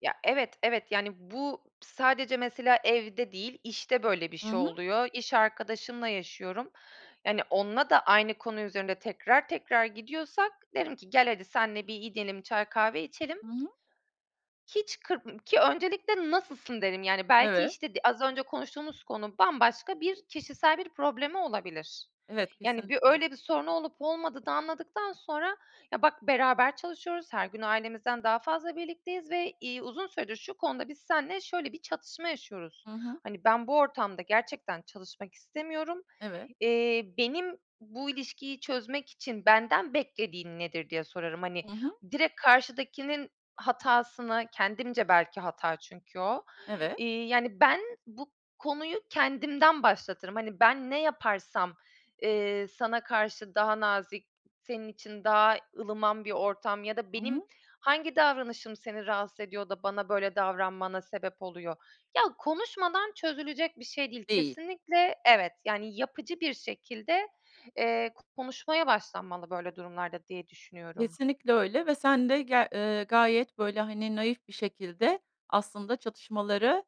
Ya evet, evet yani bu sadece mesela evde değil, işte böyle bir Hı şey hı. oluyor. İş arkadaşımla yaşıyorum. Yani onunla da aynı konu üzerinde tekrar tekrar gidiyorsak, derim ki gel hadi seninle bir gidelim, çay kahve içelim. Hı hı. Hiç kır ki öncelikle nasılsın, dedim. Yani belki Evet. işte d az önce konuştuğumuz konu bambaşka bir kişisel bir problemi olabilir. Evet, Yani bir kesinlikle. öyle bir sorunu olup olmadığını anladıktan sonra, ya bak beraber çalışıyoruz, her gün ailemizden daha fazla birlikteyiz ve, iii, uzun süredir şu konuda biz seninle şöyle bir çatışma yaşıyoruz. Hı hı. Hani, ben bu ortamda gerçekten çalışmak istemiyorum. Evet. Eee, benim bu ilişkiyi çözmek için benden beklediğin nedir diye sorarım. Hani, Hı hı. direkt karşıdakinin hatasını, kendimce belki hata çünkü o, Evet. iii, yani, ben bu konuyu kendimden başlatırım. Hani, ben ne yaparsam, eee, sana karşı daha nazik, senin için daha ılıman bir ortam ya da Hı benim hı. hangi davranışım seni rahatsız ediyor da bana böyle davranmana sebep oluyor? Ya konuşmadan çözülecek bir şey değil Değil. kesinlikle. Evet, yani yapıcı bir şekilde, eee, konuşmaya başlanmalı böyle durumlarda diye düşünüyorum. Kesinlikle öyle ve sen de ger eee, gayet böyle, hani, naif bir şekilde aslında çatışmaları,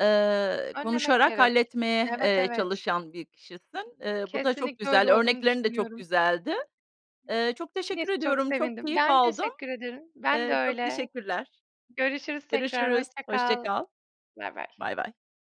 eee, Önlemek konuşarak gerek. halletmeye, Evet, eee, evet. çalışan bir kişisin. Eee, bu da çok Kesinlikle öyle güzel, olduğumu örneklerin de çok düşünüyorum. güzeldi. Eee, çok teşekkür [unintelligible] Çok ediyorum, çok sevindim. keyif Ben aldım. teşekkür ederim. Ben de Eee, çok öyle. teşekkürler. Görüşürüz tekrar, Görüşürüz, hoşça hoşça kal. kal. Bay bay. Bay bay.